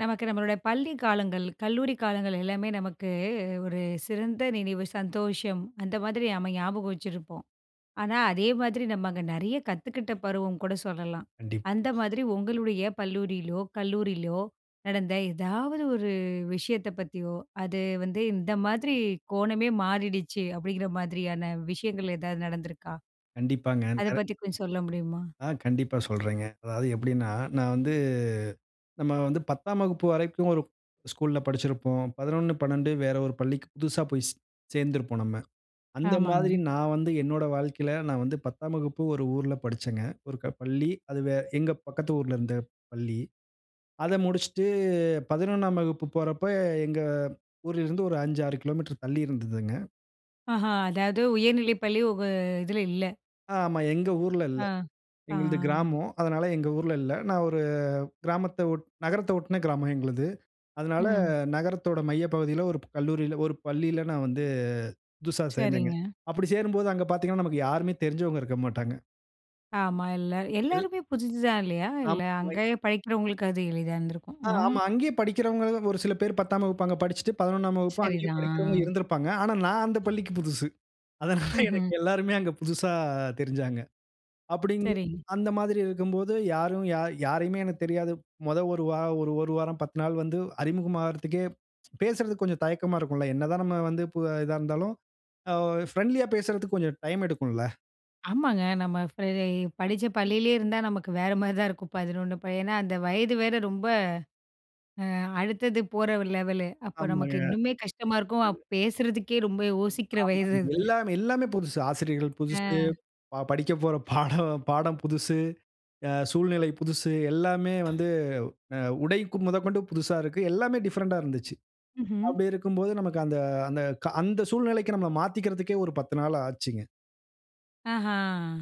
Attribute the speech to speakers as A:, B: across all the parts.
A: நமக்கு நம்மளோட பள்ளி காலங்கள், கல்லூரி காலங்கள் எல்லாமே நமக்கு ஒரு சிறந்த நினைவு, சந்தோஷம். அந்த மாதிரி நம்ம ஞாபகம் வச்சிருப்போம். ஆனா, அதே மாதிரி நம்ம அங்க நிறைய கத்துக்கிட்ட பருவம் கூட சொல்லலாம்.
B: கண்டிப்பா.
A: அந்த மாதிரி உங்களுடைய பள்ளியிலோ கல்லூரியிலோ! நடந்த எதாவது ஒரு விஷயத்த பத்தியோ! அது வந்து "இந்த மாதிரி கோணமே மாறிடுச்சு," அப்பிடிங்கிற மாதிரியான விஷயங்கள் எதாவது நடந்துருக்கா?
B: கண்டிப்பாங்க.
A: அத
B: நெற
A: பத்தி கொஞ்சம் சொல்ல முடியுமா?
B: ஆ கண்டிப்பா சொல்றேங்க. அதாவது எப்பிடின்னா, நான் வந்து நம்ம வந்து 10ம் வகுப்பு வரைக்கும் ஒரு ஸ்கூல்ல படிச்சிருப்போம். 11, 12 வேற ஒரு பள்ளிக்கு புதுசா போய் சேர்ந்திருப்போம் நம்ம. அந்த
A: ஆமாங்க.
B: மாதிரி நான் வந்து என்னோட வாழ்க்கையில நான் வந்து 10ம் வகுப்பு ஒரு ஊர்ல படிச்சங்க. ஒரு க பள்ளி அது வே எங்க பக்கத்து ஊர்ல இருந்த பள்ளி. அத முடிச்சிட்டு 11ம் வகுப்பு போறப்ப, எங்க ஊர்ல இருந்து ஒரு 5, 6 கிலோ மீட்டர் தள்ளி இருந்ததுங்க.
A: ஆஹா! அதாவது உயர்நிலை பள்ளி உங்க இதில இல்ல.
B: ஆமா. எங்க ஊர்ல இல்ல.
A: ஆ,
B: எங்களது
A: ஆ.
B: கிராமம். அதனால எங்க ஊர்ல இல்ல. நான் ஒரு கிராமத்த ஒட் நகரத்த ஒட்டன கிராமம் எங்களது. அதனால
A: ம்.
B: நகரத்தோட மைய பகுதியில ஒரு கல்லூரில ஒரு பள்ளியில நான் வந்து புதுசா சேர்ந்தேங்க.
A: சரிங்க.
B: அப்பிடி சேரும்போது அங்க பார்த்தீங்கன்னா, நமக்கு யாருமே தெரிஞ்சவங்க இருக்க மாட்டாங்க.
A: ஆமா. எல்ல
B: எல்
A: எல்லாருமே புதுசு தான் இல்லையா! இல்லை,
B: நம்மை
A: அங்கயே படிக்கிறவங்களுக்கு அது எளிதா இருந்திருக்கும்.
B: ஆ
A: ம்!
B: ஆமா. அங்கேயே படிக்கிறவங்களும், ஒரு சில பேர் 10ஆம் வகுப்பு அங்க படிச்சுட்டு, 11ஆம் வகுப்பும் அங்கேயே படிக்கிறவங்க
A: சரிதான். ஆ.
B: இருந்திருப்பாங்க. ஆனா, நான் அந்த பள்ளிக்கு புதுசு. அதனால
A: ம்ஹ்ம்.
B: எனக்கு எல்லாருமே அங்க புதுசா தெரிஞ்சாங்க. அப்படிங்கு
A: சரிங்க.
B: அந்த மாதிரி இருக்கும்போது யாரும் யா யாரையுமே எனக்கு தெரியாது. மொத 1 வாரம், ஒரு 1 வாரம் 10 நாள் வந்து அறிமுகமாகறதுக்கே பேசுறதுக்கு கொஞ்சம் தயக்கமா இருக்கும்ல! என்னதான் நம்ம வந்து, பு அ இதாருந்தாலும், அ ஒ ஃபிரெண்ட்லியா பேசுறதுக்கு கொஞ்சம் டைம் எடுக்கும்ல?
A: ஆமாங்க. நம்ம ஃப்ரெ இ படிச்ச பள்ளியிலேயே இருந்தா, நமக்கு வேற மாரிதான் இருக்கும். 11 அப்ப. ஏன்னா அந்த வயது வேற ரொம்ப அ அடுத்தது போற லெவலு. அப்போ நமக்கு
B: ஆமாங்க.
A: இன்னுமே கஷ்டமா இருக்கும். அ பேசுறதுக்கே ரொம்ப யோசிக்கிற வயசு
B: ஆமாங்க.
A: அது.
B: எல்லாமே எல்லாமே புதுசு. ஆசிரியர்கள் புதுசு,
A: ஆ.
B: ப படிக்கப்போற பாடம் பாடம் புதுசு, அ சூழ்நிலை புதுசு. எல்லாமே வந்து அ உடை மொதகொண்டு புதுசா இருக்கு. எல்லாமே டிஃபரண்ட்டா இருந்துச்சு.
A: ம்ஹ்ம்.
B: அப்படி இருக்கும்போது, நமக்கு அந்த அந்த, கா அந்த சூழ்நிலைக்கு நம்மள மாத்திக்கிறதுக்கே ஒரு 10 நாளு ஆச்சுங்க.
A: ஆஹா,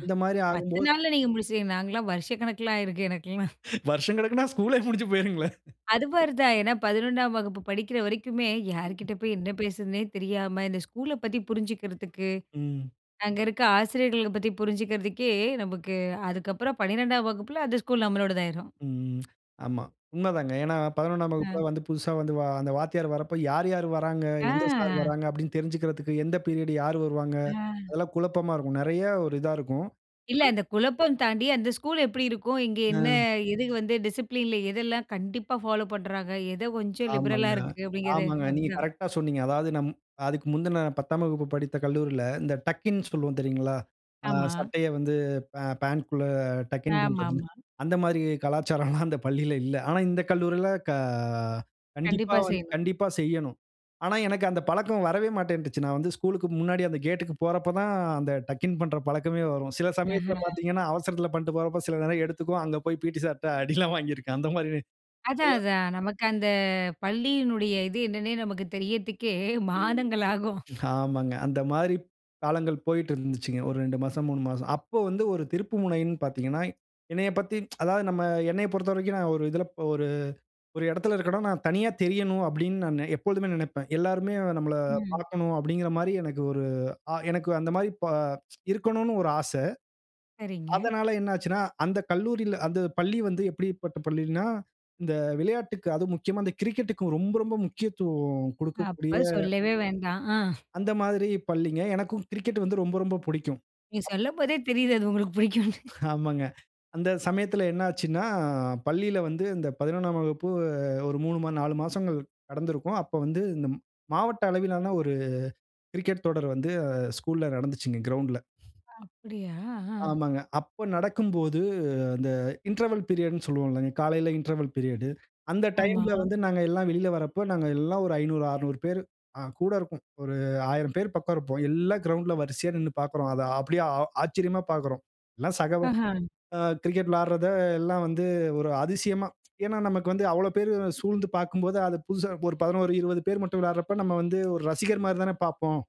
B: அந்த மாதிரி
A: 10
B: ஆகும்போது
A: நாள்ல நீங்க முடிச்சிட்டீங்க. நாங்கலாம் வருஷக்கணக்கில ஆயிருக்கு, எனக்கெல்லாம்.
B: வருஷங்கணக்குன்னா, ஸ்கூல்லே முடிஞ்சு போயிருங்களே!
A: அது மாரி தான். ஏன்னா 11ஆம் வகுப்பு படிக்கிற வரைக்குமே, யாரு கிட்ட போய் என்ன பேசுதுன்னே தெரியாம, இந்த ஸ்கூல பத்தி புரிஞ்சிக்கிறதுக்கு,
B: ம்.
A: அங்க இருக்க ஆசிரியர்கள பத்தி புரிஞ்சுக்கிறதுக்கே நமக்கு அதுக்கப்புறம் 12ஆம் வகுப்புல, அந்த ஸ்கூல் நம்மளோடது ஆயிரும்.
B: ம். ஆமா. உண்ம தாங்க. ஏன்னா, 11ஆம்
A: அ.
B: வகுப்புலாம் வந்து, புதுசா வந்து வா அந்த வாத்தியார் வரப்போ, யாரு யாரு வராங்க? எந்த சார்
A: ஆ.
B: வராங்க? அப்படின்னு தெரிஞ்சுக்குறதுக்கு, எந்த பீரியட் யாரு வருவாங்க?
A: அ.
B: அதெல்லாம் குழப்பமா இருக்கும். நெறையா ஒரு இதா இருக்கும்.
A: இல்லை. இந்த குழப்பம் தாண்டி, அந்த ஸ்கூல் எப்படி இருக்கும்? இங்கே என்ன,
B: ம்.
A: எதுக்கு வந்து டிசிப்ளின்ல எதெல்லாம் கண்டிப்பா ஃபாலோ பண்ணுறாங்க? எதோ கொஞ்சம் லிபரலா
B: ஆமாங்க.
A: இருக்கு அப்படிங்கிறது,
B: ஆமாங்க.
A: அது
B: நீங்க
A: தான்.
B: கரெக்ட்டா சொன்னீங்க. அதாவது நம் அதுக்கு முந்தின, 10ஆம் வகுப்பு படித்த கல்லூரியில, இந்த டக்கின் சொல்வோம் தெரியுங்களா? ஆ
A: ஆமா.
B: சட்டைய வந்து பா பாண்ட்குள்ள டக்-இன் பண்றதுன்னு,
A: ஆமாமா.
B: அந்த மாரி கலாச்சாரம்ல்லாம் அந்த பள்ளியில இல்லை. ஆனா இந்த கல்லூரில க கண்டிப்பா
A: கண்டிப்பா
B: வந்து
A: செய்யணும்.
B: கண்டிப்பா செய்யனும். ஆனா, எனக்கு அந்த பழக்கம் வரவே மாட்டேன்ருச்சு. நான் வந்து ஸ்கூலுக்கு முன்னாடி அந்த கேட்க்கு போறப்போ தான், அந்த டக்-இன் பண்ற பழக்கமே வரும். சில சமயத்தில
A: ஆஹ்ம்.
B: பாத்தீங்கன்னா, அவசரத்தில பண்ணிட்டு போறப்போ, சில நேரம் எடுத்துக்கும். அங்கே போய் பிடி சார்ட்ட அடியெல்லாம் வாங்கியிருக்கேன். அந்த மாரி
A: அதான்
B: இதெல்லாம்
A: அதான். நமக்கு அந்த பள்ளியினுடைய இது என்னன்னே நமக்கு தெரியதுக்கே
B: ம்.
A: மாதங்களாகும்.
B: ஆமாங்க. அந்த மாதிரி காலங்கள் போயிட்டுருந்துச்சுங்க. ஒரு 2 மாசம், 3 மாசம். அப்போ வந்து ஒரு திருப்புமுனைன்னு பாத்தீங்கன்னா, என்னையப் பத்தி அதாவது நம்ம என்னையப் பொறுத்தவரைக்கும் நான் ஒரு இதில ப ஒரு ஒரு இடத்தில இருக்கேன்னா, நான் தனியா தெரியணும், அப்படின்னு நானு எப்பொழுதுமே நெனைப்பேன். எல்லோருமே நம்மள
A: ம்.
B: பாக்கனும் அப்படிங்குற மாரி எனக்கு ஒரு அ எனக்கு அந்த மாரி ப இருக்கனும்ன்னு ஒரு ஆசை.
A: சரிங்க.
B: அதனால என்ன ஆச்சுன்னா, அந்த கல்லூரில அந்த பள்ளி வந்து எப்படிப்பட்ட பள்ளின்னா, இந்த விளையாட்டுக்கு, அதுவும் முக்கியமா இந்த கிரிக்கெட்க்கு ரொம்ப ரொம்ப முக்கியத்துவம் குடுக்கக்கூடிய
A: அப்ப சொல்லவே வேண்டாம். ஆ.
B: அந்த மாதிரி பள்ளிங்க. எனக்கும் கிரிக்கெட் வந்து ரொம்ப ரொம்ப புடிக்கும்.
A: நீங்க சொல்லம் போதே தெரியுது, அது உங்களுக்கு புடிக்கும்னு.
B: ஆமாங்க. அந்த சமயத்தில என்ன ஆச்சுன்னா, பள்ளியில வந்து இந்த 11ஆம் வகுப்பு ஒரு 3 மா 4 மாசங்கள் நடந்திருக்கும். அப்போ வந்து, இந்த ம் மாவட்ட அளவிலான ஒரு கிரிக்கெட் தொடர் வந்து அ ஸ்கூல்ல நடந்துச்சுங்க. கிரவுண்ட்ல.
A: அப்படியா! ஆ,
B: ஆமாங்க. அப்போ நடக்கும்போது, இந்த இன்ட்ரவல் பீரியட்ன்னு சொல்வோம் இல்லங்க, காலைல இன்ட்ரவல் பீரியடு. அந்த
A: ஆமா.
B: டைம்ல வந்து, நாங்க எல்லாம் வெளியில வரப்போ, நாங்க எல்லாம் ஒரு 500, 600 பேரு அ கூட இருக்கும். ஒரு 1000 பேர் பக்கம் இருப்போம். எல்லாம் கிரவுண்ட்ல வரிசையா நின்னு பாக்குறோம். அதை அப்படியே, ஆ ஆச்சரியமா பாக்குறோம். எல்லாம் சக
A: ஆஹா.
B: அ கிரிக்கெட் விளையாடுறத எல்லாம் வந்து ஒரு அதிசயமா! ஏன்னா நமக்கு வந்து அவ்வளவு பேரு சூழ்ந்து பாக்கும்போது, அது புதுசா, ஒரு 11, 20 பேர் மட்டும் விளையாடுறப்ப நம்ம வந்து ஒரு ரசிகர் மாரி தானே பாப்போம்.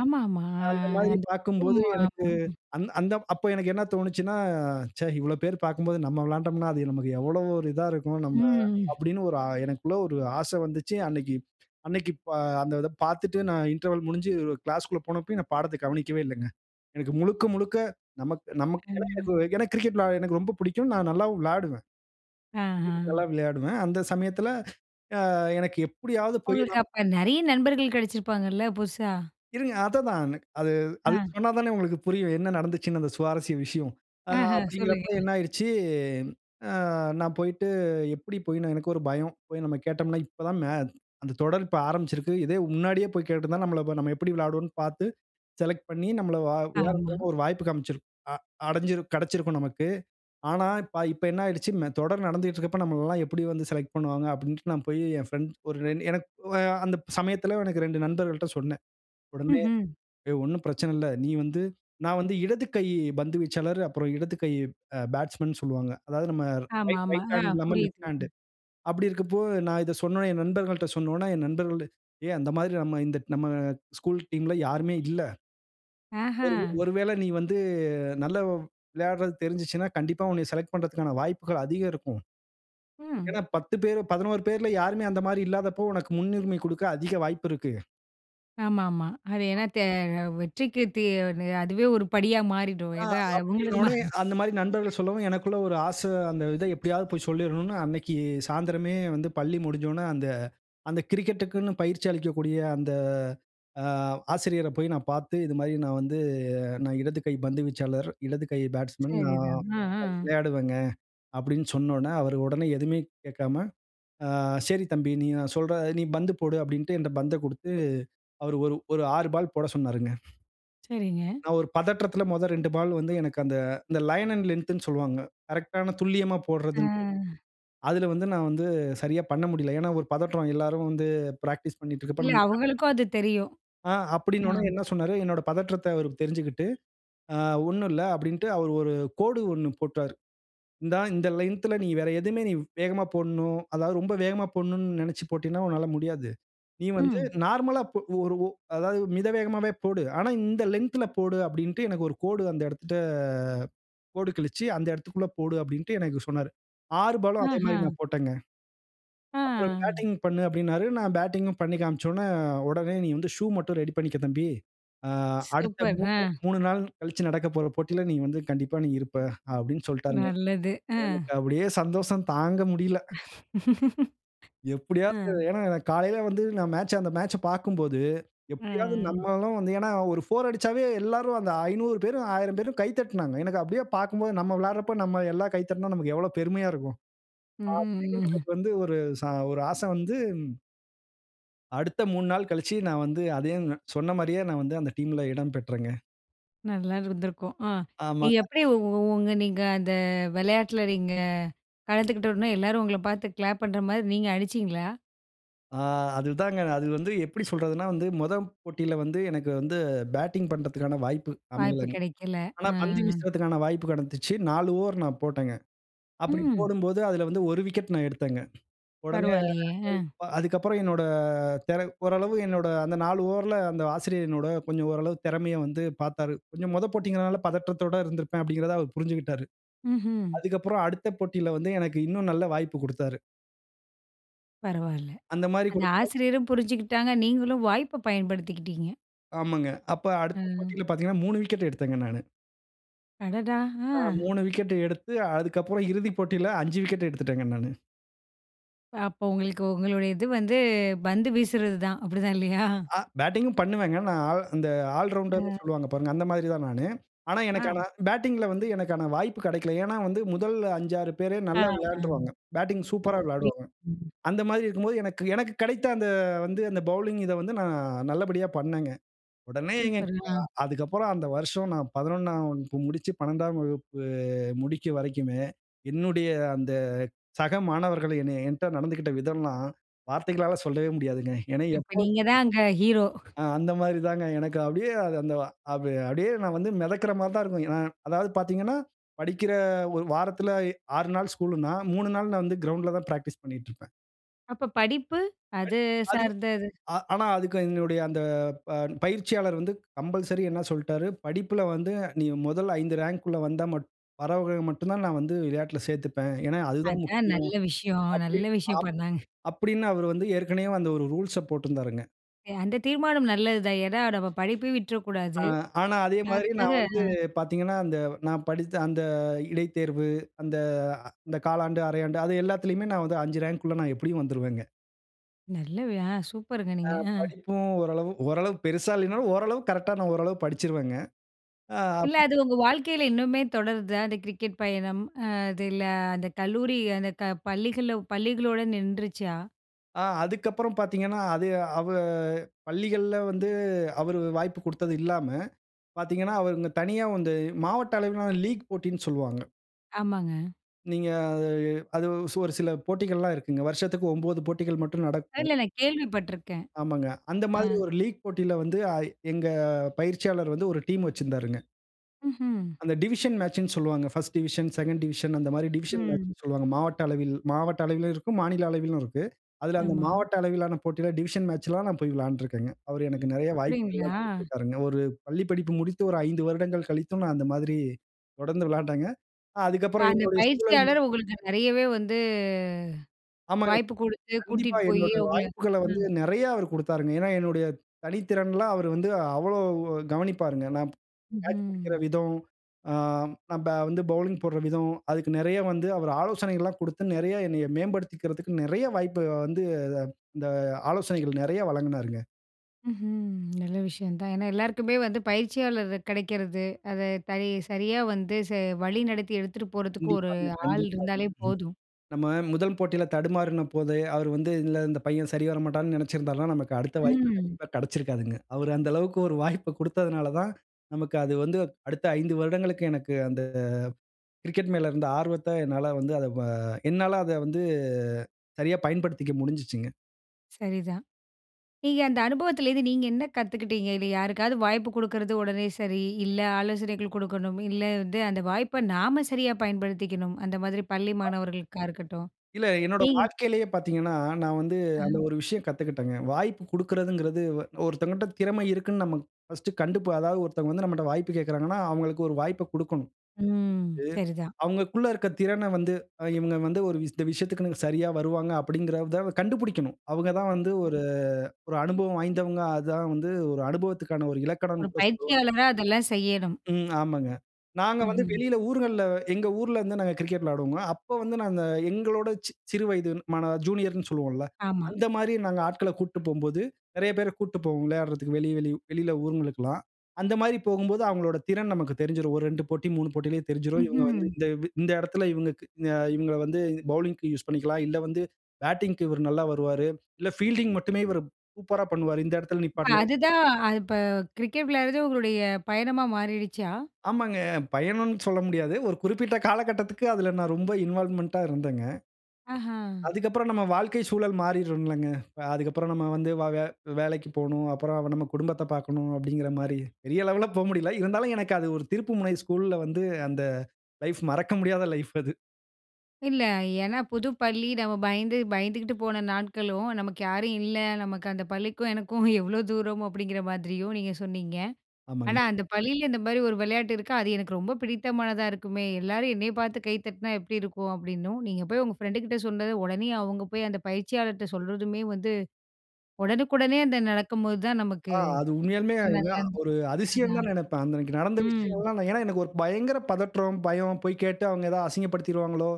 A: ஆமா, ஆமா. ஆ
B: அந்த மாதிரி
A: அந்த
B: பார்க்கும்போது எனக்கு
A: [unintelligible]
B: அந் அந்த அப்போ எனக்கு என்ன தோனுச்சுன்னா, ச்சே! இவ்ளோ பேரு பார்க்கும்போது நம்ம விளையாண்டம்ன்னா, அது நமக்கு எவ்வளவு ஒரு இதா இருக்கும். நம்ம
A: ம்.
B: அப்பிடின்னு ஒரு எனக்குள்ள ஒரு ஆச வந்துச்சு. அன்னக்கி அன்னக்கி ப அந்த இத பார்த்துட்டு நான் இன்டர்வல் முடிஞ்சு கிளாஸ்குள்ள போனப்பயும் நான் பாடத்த கவனிக்கவே இலலங்க. எனக்கு முழுக்க, முழுக்க நமக் நமக்குலாம் ஏதோ
A: ம்.
B: ஏனா கிரிக்கெட் வெளையாட எனக்கு ரொம்ப பிடிக்கும். நான் நல்லாவும் விளாடுவேன். கிரிக்கெட்
A: ஆஹ!
B: நல்லா விளையாடுவேன். அந்த சமயத்தில அ எனக்கு எப்பிடியாவது போய்
A: உங்களுக்கு
B: நான்
A: அப்ப நெறைய நண்பர்கள் கிடைச்சிருப்பாங்கல்ல, புதுசா!
B: இருங்க. அதா அதான் எனக் அது அது
A: அ.
B: சொன்னாதானே உங்களுக்கு புரியும். என்ன நடந்ச்சுன்னு அந்த சுவாரஸ்ய விஷயம். ஆ
A: ஆஹ!
B: அப்பிடிங்கிறப்ப
A: சொல்லுங்க.
B: என்ன ஆயிருச்சு, ஆ நான் போயிட்டு எப்பிடி போயி எனக்கு ஒரு பயம். போய் நம்ம கேட்டம்ன்னா, இப்ப தான் மே அந்த தொடர் இப்ப ஆரம்பிச்சிருக்கு. இதே முன்னாடியே போய் கேட்டிருந்தா நம்மள நம்ம எப்பிடி விளையாடுவோன்னு பார்த்து செலக்ட் பண்ணி நம்மள வ
A: ஆமா.
B: விளையாடுறதுக்கு ஒரு வாய்ப்பு காண்பிச்சுரு அ அடைஞ்சிரு கெடைச்சிருக்கும் நமக்கு. ஆனா, இப்ப என்ன ஆகிருச்சு. மே தொடர் நடந்துட்டு இருக்கிறப்ப நம்மள எல்லாம் எப்பிடி வந்து செலக்ட் பண்ணுவாங்க அப்பிடின்டு நான் போய் என் ஃபிரெண்ட் ஒரு எனக்கு அ அந்த சமயத்தில எனக்கு 2 நண்பர்கள்ட்ட சொன்னேன். உடனே
A: ம்ஹ்ம்.
B: ஏ ஒன்னும் பிரச்சனை இல்ல. நீ வந்து நான் வந்து இடது கை பந்து வீச்சாளர், அப்புறம் இடது கை அ பேட்ஸ்மேன்னு சொல்லுவாங்க. அதாவது நம்ம
A: ஆமா,
B: ரைட்,
A: ஆமா.
B: ரைட் ஹேண்ட்
A: ஆ
B: இல்லாம
A: புரியுது.
B: லெஃப்ட் ஹேண்ட்டு அப்பிடி இருக்கப்போ, நான் இத சொன்னவுனே, என் நண்பர்கள்ட்ட சொன்னவுனே ,என் நண்பர்கள் ஏ அந்த மாதிரி நம்ம இந்த நம்ம ஸ்கூல் டீம் ல யாருமே இல்ல. ஒரு உ
A: ஆஹ!
B: ஒருவேள நீ வந்து நல்ல விளையாடுறது தெரிஞ்சுச்சுன்னா, கண்டிப்பா உன்னைய செலக்ட் பண்றதுக்கான வாய்ப்புகள் அதிகம் இருக்கும்.
A: ம்.
B: ஏன்னா, 10 பேரு 11 பேர்ல யாருமே அந்த மாதிரி இல்லாதப்போ! உனக்கு முன்னுரிமை குடுக்க அதிக வாய்ப்பு இருக்கு.
A: ஆமா, ஆமா. அது ஏன்னா தே அ வெற்றிக்கு தே அதுவே ஒரு படியா மாறிடும்.
B: ஆ,
A: ஏன்னா அவுங்களுக்கும்மா.
B: அப்பிடின்னவுனே அந்தமாரி நண்பர்கள் சொல்லவும் எனக்குள்ள ஒரு ஆச, அந்த இத எப்பிடியாவது போய் சொல்லிரணுன்னு, அன்னக்கி சாயந்தரமே வந்து பள்ளி முடிஞ்சவுன அந்த அந்த கிரிக்கெட்க்குன்னு பயிற்சி அளிக்கக்கூடிய அந்த அ ஆசிரியர போய் நான் பார்த்து, இதுமாரி நான் வந்து நான் இடது கை பந்து வீச்சாளர் இடது கை பேட்ஸ்மேன்
A: சரி
B: நான்
A: தான். ஆ, ஆ.
B: விளையாடுவேங்க. அப்பிடின்னு சொன்னவுன்னே, அவரு உடனே எதுவுமே கேட்காம, "ஆ சரி தம்பி! நீ நான் சொல்ற, நீ பந்து போடு!" அப்பிடின்டு என்ட்ட பந்த கொடுத்து, அவரு ஒரு ஒரு 6 பால் போட சொன்னாருங்க.
A: சரிங்க.
B: நான் ஒரு பதற்றத்தில முதல் 2 பால் வந்து எனக்கு அந்த லைன் அன்ட் லெந்த்ன்னு சொல்வாங்க. கரெக்ட்டான துல்லியமா போட்றதுன்ட்டு.
A: ஆ.
B: அதில வந்து நான் வந்து சரியா பண்ண முடியல. ஏன்னா, ஒரு பதற்றம். எல்லாரும் வந்து பிராக்டிஸ் பண்ணிட்டு இருக்கப்ப
A: இல்ல.
B: நம்ம
A: அவுங்களுக்கும் அது தெரியும்.
B: ஆ,
A: ஆ
B: அப்பிடின்னவுனே என்ன சொன்னாரு? என்னோட பதற்றத்த அவரு தெரிஞ்சிக்கிட்டு, ஆ ஒண்ணுல்ல அப்பிடின்டு, அவரு ஒரு கோடு ஒண்ணு போட்டாரு. இந்தா இந்த லென்த்து ல நீ வேற எதுவுமே நீ வேகமா போட்ணும். அதாவது ரொம்ப வேகமா போட்ணுன்னு நினச்சு போட்டின்னா, உன்னால முடியாது. நீ வந்து
A: ம்.
B: நார்மலா இப்ப ஒரு ஒ அதாவது மித வேகமாவே போடு! ஆனா இந்த லென்த்து ல போடு! அப்பிடின்டு எனக்கு ஒரு கோடு அந்த இடத்திட்ட கோடு கிழிச்சு, அந்த இடத்துக்குள்ள போடு! அப்பிடின்ட்டு எனக்கு சொன்னாரு. 6 பாலும் அதேமாரி
A: ஆஹ.
B: நான் போட்டங்க.
A: ஆ
B: அப்புறம் பேட்டிங் பண்ணு அப்பிடினாரு. நான் பேட்டிங்கும் பண்ணி காண்பிச்சவுன்னே, உடனே "நீ வந்து ஷூ மட்டும் ரெடி பண்ணிக்க தம்பி. ஆ, அடுத்த
A: சூப்பர். ஆ
B: மூன்று 3 நாள் கழிச்சு நடக்கப்போற போட்டியில நீ வந்து கண்டிப்பா நீ இருப்ப" அப்பிடின்னு சொல்டாருங்க.
A: நல்லது. ஆ.
B: எனக்கு அப்பிடியே சந்தோஷம் தாங்க முடியல. எப்பிடியாவது,
A: அ.
B: ஏன்னா எனக்கு காலையில வந்து நான் மேட்ச் அந்த மேட்ச்ச பார்க்கும்போது,
A: அ,
B: எப்பிடியாவது
A: அ.
B: நம்மளும் வந்து ஏன்னா, ஒரு 4 அடிச்சாவே எல்லாரும் அந்த 500 பேரும், 1000 பேரும் கை தட்டினாங்க. எனக்கு அப்பிடியே பார்க்கும்போது நம்ம விளையாட்றப்ப நம்ம எல்லாம் கை தட்னா, நமக்கு எவ்ளோ பெருமையா இருக்கும்.
A: ம், ம்,
B: அப்பிடின்னு
A: ம்.
B: எனக்கு வந்து ஒரு ச ஒரு ஆச வந்து அடுத்த 3 நாள் கழிச்சு நான் வந்து அதையும் சொன்னமாரியே நான் வந்து அந்த டீம்ல இடம் பெற்றேங்க.
A: நல்லா இருந்துருக்கும். அ நீங்க
B: ஆமாங்க.
A: எப்பிடி உ உங்க நீங்க அந்த விளையாட்ல நீங்க கலந்துக்கிட்ட உடனே எல்லாரும் உங்கள பார்த்து கிளாப் பண்றமாரி நீங்க அடிச்சீங்களா?
B: ஆ. அது தாங்க. அது வந்து எப்பிடி சொல்றதுன்னா, வந்து மொத போட்டில வந்து எனக்கு வந்து பேட்டிங் பண்ணுறதுக்கான வாய்ப்பு
A: வாய்ப்பு
B: அமையலங்க.
A: கிடைக்கல.
B: ஆனா,
A: ஆ.
B: பந்து வீசுறதுக்கான வாய்ப்பு கிடச்சிச்சு. 4 ஓவர் நான் போட்டேங்க. அப்பிடி
A: ம்.
B: போடும்போது, அதில வந்து ஒரு விக்கெட் நான் எடுத்தேங்க. உடனே
A: பரவால்லயே! ஆ.
B: [unintelligible] அதுக்கப்புறம் என்னோட தெர ஓரளவு என்னோட அந்த 4 ஓவர் ல அந்த ஆசிரியர் என்னோட கொஞ்சம் ஓரளவு திறமைய வந்து பார்த்தாரு. கொஞ்சம் மொத போட்டிங்கிறனால, பதற்றத்தோட இருந்திருப்பேன். அப்பிடிங்கிறத அவரு புரிஞ்சிக்கிட்டாரு.
A: ம்ஹ்ம்.
B: அதுக்கப்புறம் அடுத்த போட்டில வந்து எனக்கு இன்னும் நல்ல வாய்ப்பு கொடுத்தாரு.
A: பரவால்ல.
B: அந்தமாரி
A: அந்த
B: கொடுக்கும்போது
A: ஆசிரியரும் புரிஞ்சுகிட்டாங்க. நீங்களும் வாய்ப்ப பயன்படுத்திக்கிட்டீங்க.
B: ஆமாங்க. அப்ப அடுத்த
A: ம்.
B: போட்டியில பார்த்தீங்கன்னா, 3 விக்கெட் எடுத்தேங்க நானு.
A: அடடா!
B: ஆ
A: ஆ.
B: 3 விக்கெட் எடுத்து அதுக்கப்பறம் இறுதிப் போட்டியில 5 விக்கெட் எடுத்துவிட்டேங்க நானு.
A: அப்போ, உங்களுக்கு உங்களுடைய இது வந்து பந்து வீசுறது தான். அப்பிடிதான் இல்லயா!
B: ஆ பேட்டிங் உம் பண்ணுவேங்க. நான் ஆ அந்த ஆல் ரவுண்டர் ன்னு
A: ஆ.
B: சொல்லுவாங்க பாருங்க. அந்த மாதிரி தான் நானு. ஆனா,
A: அ.
B: எனக்கு பேட்டிங்ல வந்து எனக்கான வாய்ப்பு கிடைக்கல. ஏன்னா, வந்து முதல் 5, 6 பேரே
A: ஆ,
B: நல்லா
A: ஆம்.
B: விளையாண்ட்ருவாங்க. பேட்டிங்
A: ஓ,
B: சூப்பரா
A: புரி
B: விளையாடுவாங்க.
A: ம்.
B: அந்த மாதிரி இருக்கும்போது, எனக்கு எனக்கு கிடைத்த அந்த வந்து அந்த பவுலிங் இத வந்து நான் நல்லபடியா பண்ணேங்க. உடனே எங்க
A: சூப்பருங்க, ஆ.
B: அ அதுக்கப்புறம் அந்த வருடம் நான் 11ஆம் வகுப்பு முடிச்சு 12ஆம் வகுப்பு முடிக்கும் வரைக்குமே, என்னுடைய அந்த சக மாணவர்கள் என்னைய என்ட நடந்துகிட்ட விதம்லாம் வார்த்தைகளால சொல்லவே முடியாதுங்க. ஏன்னா
A: அப்ப
B: எப்போதும்
A: நீங்க தான் அங்க ஹீரோ!
B: ஆ அந்தமாரி தாங்க எனக்கு அப்பிடியே அந்த வ அப் அப்பிடியே நான் வந்து மிதக்கிறமாரி தான் இருக்கும். ஏனா அதாவது பார்த்தீங்கன்னா, படிக்கிற ஒரு வாரத்தில 6 நாள் ஸ்கூல்லுன்னா, 3 நாள் நான் வந்து கிரவுண்ட்ல தான் பிராக்டிஸ் பண்ணிக்கிட்டு இருப்பேன்.
A: அப்போ படிப்பு, அது
B: [unintelligible] அதுவும்,
A: சார்ந்தது.
B: அ ஆனா அதுக்கு எங்களுடைய அந்த ப பயிற்சியாளர் வந்து கம்பல்சரி என்ன சொல்ட்டாரு, படிப்பில வந்து நீ மொதல் ஐந்து ரேங்க் உள்ளே வந்தா மட் வரவங்கள மட்டும் தான், நான் வந்து விளையாட்டில சேத்துப்பேன். ஏன்னா, அதுதான்
A: அதான்
B: முக்கியம்.
A: நல்ல விஷயம் நல்ல
B: அப்டின்னு,
A: விஷயம்
B: அப்
A: பண்ணாங்க.
B: அப்டின்னு அவர் வந்து ஏற்கனவே அந்த ஒரு ரூல்ஸ்ச போட்டிருந்தாருங்க.
A: எ அந்த தீர்மானம் நல்லதுதான். ஏன்னா, நம்ம படிப்ப
B: ஆ
A: விட்டுறக்கூடாது.
B: ஆனா, அதே மாதிரி
A: அதுக்காக
B: நான் வந்து
A: அ.
B: பாத்தீங்கன்னா, அந்த நான் படித்த அந்த இடைத்தேர்வு, அந்த இந்த காலாண்டு, அரையாண்டு அது எல்லாத்திலயுமே நான் வந்து 5 ரேங்க் உள்ள நான் எப்படியும் வந்துருவேங்க.
A: நல்லவை ஆ சூப்பருங்க
B: ஆ
A: நீங்க! அ.
B: படிப்பும் ஓரளவு ஓரளவு பெருசா இல்லைனாலும், ஓரளவுக்கு கரெக்ட்டா நான் ஓரளவு படித்துருவேங்க, ஆ
A: இல்ல
B: அப்
A: அது உங்க வாழ்க்கையில இன்னுமே தொடருதா? அந்த கிரிக்கெட் பயணம். அ அதில அந்த கல்லூரி, அந்த க பள்ளிகள்ல பள்ளிகளோட நிண்ட்றுருச்சா?
B: ஆ அதுக்கப்புறம் பாத்தீங்கன்னா, அது அவு பள்ளிகள்ல வந்து, அவரு வாய்ப்பு குடுத்தது இல்லாம பாத்தீங்கன்னா, அவர் இந்த தனியா வந்து மாவட்ட அளவிலான லீக் போட்டின்னு சொல்லுவாங்க.
A: ஆமாங்க.
B: நீங்க அது அது ஒரு சில போட்டிகள்லாம் இருக்குங்க. வருஷத்துக்கு 9 போட்டிகள் மட்டும்
A: இல்ல,
B: நடக்கும்.
A: நான் கேள்விப்பட்டுருக்கேன்
B: ஆமாங்க. அந்த
A: அ.
B: மாதிரி ஒரு லீக் போட்டியில வந்து, அ எங்க பயிற்சியாளர் வந்து ஒரு டீம் வச்சிருந்தாருங்க.
A: ம்ஹ்ம்.
B: அந்த டிவிஷன் மேட்ச்ன்னு சொல்வாங்க. 1 ஸ்ட் டிவிஷன் 2 ண்ட் டிவிஷன் அந்த மாரி டிவிஷன்
A: ம்.
B: மேட்ச்ன்னு சொல்வாங்க. மாவட்ட அளவில் மாவட்ட அளவிலும் இருக்கும், மாநில அளவிலும் இருக்கு. அதில அந்த
A: ஆமா.
B: மாவட்ட அளவிலான போட்டியில் டிவிஷன் மேட்ச்லாம் நான் போய் விளையாண்டுருக்கேங்க அவர் எனக்கு நிறைய வாய்ப்புகள் எல்லாம்
A: அப்டிங்களா?
B: கொடுத்திருக்கிறாங்க. ஒரு பள்ளி படிப்பு முடித்து ஒரு 5 வருடங்கள் கழித்தும், நான் அந்த மாதிரி தொடர்ந்து விளையாண்டேங்க.
A: அ
B: அதுக்கப்புறம்
A: அந்த
B: என்னுடைய சூழல்
A: பயிற்சியாளர் உங்களுக்கு நிறையவே வந்து,
B: ஆமாங்க,
A: வாய்ப்பு குடுத்து
B: கண்டிப்பா
A: கூட்டிட்டு போயி
B: என்னுடைய
A: உங்கள
B: வாய்ப்புகள வந்து
A: ம்.
B: நெறையா அவரு குடுத்தாருங்க. ஏன்னா என்னுடைய தனித்திறன்லாம் அவரு வந்து அவ்ளோ கவனிப்பாருங்க. நான் கேட்ச் புடிக்கிற
A: ம்ஹ்ம்.
B: விதம், ஆ நம்ம வந்து பவுலிங் போட்ற விதம், அதுக்கு நெறைய வந்து அவரு ஆலோசனைகள்லாம் குடுத்து நெறைய என்னைய மேம்படுத்திக்கிறதுக்கு நெறையா வாய்ப்ப வந்து இந்த ஆலோசனைகள் நெறையா வழங்குனாருங்க.
A: ம்ஹ்ம். நல்ல விஷயம் தான். ஏன்னா எல்லாருக்குமே வந்து பயிற்சியாளர் கெடைக்கிறது, அத தை சரியா வந்து ச வழி நடத்தி எடுத்துட்டு போறதுக்கு ஒரு
B: கண்டிப்பாங்க,
A: ஆள்
B: கண்டிப்பாங்க.
A: இருந்தாலே
B: ம்.
A: போதும்.
B: நம்ம முதல் போட்டியில தடுமாறினபோது, அவரு வந்து "இந்த இந்த பையன் சரி வரமாட்டான்னு" நெனைச்சிருந்தாலும் நமக்கு அடுத்த வாய்ப்பு
A: ம்.
B: கண்டிப்பா கெடைச்சிருக்காதுங்க. அவரு அந்த அளவுக்கு ஒரு வாய்ப்பு குடுத்ததனால தான், நமக்கு அது வந்து அடுத்த 5 வருடங்களுக்கு எனக்கு அந்த கிரிக்கெட் மேல இருந்த ஆர்வத்த, என்னால வந்து அத வ என்னால அத வந்து சரியா பயன்படுத்திக்க முடிஞ்சுச்சுங்க.
A: சரிதான். நீங்க அந்த அனுபவத்திலிருந்து நீங்க என்ன கத்துக்கிட்டீங்க? இதுல. யாருக்காவது வாய்ப்பு குடுக்கிறது உடனே சரி. இல்லை ஆலோசனைகள் குடுக்கணும். இல்லை வந்து அந்த வாய்ப்ப நாம சரியா பயன்படுத்திக்கணும். அந்த மாதிரி பள்ளி மாணவர்களுக்கா இருக்கட்டும்,
B: இல்ல என்னோட
A: நீங்க
B: வாழ்க்கையிலயே பாத்தீங்கன்னா, நான் வந்து அந்த
A: அஹ்ம்.
B: ஒரு விஷயம் கத்துக்கிட்டேங்க. வாய்ப்பு குடுக்கிறதுங்குறது, ஒ ஒருத்தவகட்ட திறமை இருக்குன்னு நம்ம ஃபர்ஸ்ட் கண்டு இப்ப அதாவது ஒருத்தவங்க வந்து நம்மள்ட்ட வாய்ப்பு கேக்குறாங்கன்னா, அவுங்களுக்கு ஒரு வாய்ப்ப குடுக்கணும். குடுத்து
A: ம் சரிதான்.
B: அவுங்களுக்கு உள்ள இருக்க திறன வந்து, "அ இவுங்க வந்து ஒரு இந்த விஷயத்துக்குன்னு சரியா வருவாங்க" அப்படிங்குகறத கண்டுபுடிக்கணும். அவுங்க தான் வந்து
A: ம்.
B: ஒரு ஒரு அனுபவம் வாய்ந்தவங்க. அதான் வந்து ஒரு அனுபவத்துக்கான ஒரு
A: ஒரு
B: இலக்கணம்ன்னு கூட சொல்லுவாங்க.
A: பயிற்சியாளரா அதெல்லாம் செய்யணும்.
B: ம் ஆமாங்க. நாங்க வந்து
A: ம்ஹ்ம்.
B: வெளியில ஊர்கள்ல எங்க ஊர்லருந்து நாங்க கிரிக்கெட் விளையாடுவோம்ல! அப்ப வந்து நாங்க எங்களோட சிறு வயது மாணவ ஜூனியர்ன்னு சொல்லுவோம்ல்ல,
A: ஆமா.
B: அந்த மாரி நாங்க ஆட்கள கூட்ட்டு போம்போது, நெறைய பேர கூட்ட்டு போவோம். விளையாடுறதக்கு வெளிய வெளிய வெளியில ஊர்ங்களுக்ல்லாம். அந்த மாதிரி போகும்போது, அவங்களோட திறன் நமக்கு தெரிஞ்சிரும். ஒரு 2 போட்டி, 3 போட்டிலயே தெரிஞ்சிரும். இவுங்க வந்து
A: ம்ஹ்ம்!
B: இந்த வ் இந்த எடத்தில இவுங்கக்கு அ இவுங்கள வந்து பவுலிங்க்கு யூசு பண்ணிக்கலாம். இல்லை வந்து பேட்டிங்க்கு இவர் நல்லா வருவாரு
A: அ அதுதான். அது இப்போ கிரிக்கெட் விளையாடுறதே உங்களுடைய பயணமா மாறிடுச்சா?
B: ஆமாங்க. பயணம்ன்னு சொல்ல முடியாது. ஒரு குறிப்பிட்ட காலகட்டத்துக்கு அதில நான் ரொம்ப இன்வால்வ்மென்ட்டா இருந்தேங்க.
A: ஆஹ!
B: அதுக்கப்பறம் நம்ம வாழ்க்கை சூழல் மாறிரும்ங்கல்லங்க! அ அதுக்கு அப்புறம் நம்ம வந்து வ வேலைக்கு போணும், அப்புறம் நம்ம குடும்பத்தப் பாக்கணும் அப்டிங்குற மாரி, பெரிய லெவல்ல போமுடியல. இருந்தாலும் எனக்கு அது ஒரு திருப்புமுனை, ஸ்கூல்ல வந்து அந்த லைஃப்! மறக்க முடியாத லைஃப் அது.
A: இல்ல. ஏன்னா புது பள்ளி நம்ம பயந்து பயந்துகிட்டு போன நாட்களும், நமக்கு யாரும் இல்ல. நமக்கு அந்த பள்ளிக்கும் எனக்கும் எவ்வளோ தூரம் அப்படிங்கிற மாதிரியும் நீங்க சொன்னீங்க. ஆனா
B: ஆமாங்க.
A: அந்த பள்ளியில இந்த மாதிரி ஒரு விளையாட்டு இருக்கு அது எனக்கு ரொம்ப பிடித்தமானதா இருக்குமே. "எல்லாரும் என்னைய பார்த்து கை தட்டினா எப்டி இருக்கும்?" அப்படின்னும், நீங்க போய் உங்க ஃப்ரெண்டுகிட்ட சொன்னதை, உடனே அவங்க போய் அந்த பயிற்சியாளர்கிட்ட சொல்றதுமே, வந்து ஒடனுக்குடனே அந்த நடக்கும்போது தான் நமக்கு
B: ஆ அது உண்மையாலுமே
A: நல்லா
B: ஏனா
A: இருந்து
B: ஒரு அதிசயம்ன்னு
A: அதான்.
B: தான் நெனைப்பேன். அந்த அன்னைக்கி நடந்த
A: ம்.
B: விஷயங்கள்லாம். ஏன்னா எனக்கு ஒரு பயங்கர பதற்றம், பயம், "போய் கேட்டு அவங்க ஏதாவது அசிங்கப்படுத்திருவாங்களோ"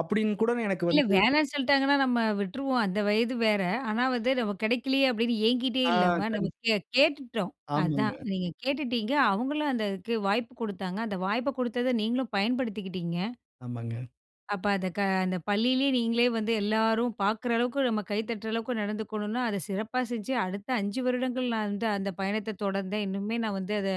B: அப்டின்னு கூட எனக்கு
A: இல்ல
B: வந்து
A: வேணாம்ன்னு சொல்லிட்டாங்கன்னா நம்ம விட்டுருவோம் அந்த வயது வேற. ஆனா வந்து நமக்கு கிடைக்கலையே அப்டின்னு ஏங்கிட்டே
B: ஆ.
A: இல்லாம நம்ம
B: கண்
A: கே கேட்டுட்டோம். அதான்
B: ஆமாங்க.
A: நீங்க கேட்டுட்டிங்க, அவங்களும் அந்த அதுக்கு வாய்ப்பு கொடுத்தாங்க அந்த வாய்ப்பு கொடுத்ததை நீங்களும் பயன்படுத்திக்கிட்டிங்க.
B: ஆமாங்க.
A: அப்ப அந்த க அந்த பள்ளிலயே நீங்களே வந்து எல்லாரும் பார்க்குற அளவுக்கு, நம்ம கை தட்டுற அளவுக்கு நடந்துக்கணும்னா அதை சிறப்பா செஞ்சு, அடுத்த 5 வருடங்கள் நான் வந்து அந்த பயணத்தை தொடர்ந்தேன். இன்னுமே நான் வந்து அதை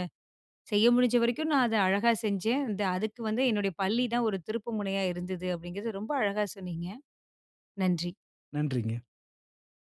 A: செய்ய முடிஞ்ச வரைக்கும், நான் அதை அழகா செஞ்சேன். இந்த அதுக்கு வந்து என்னுடைய பள்ளிதான் ஒரு திருப்பு முனையா இருந்தது. அப்டிங்கிறது ரொம்ப அழகா சொன்னீங்க நன்றி.
B: நன்றிங்க.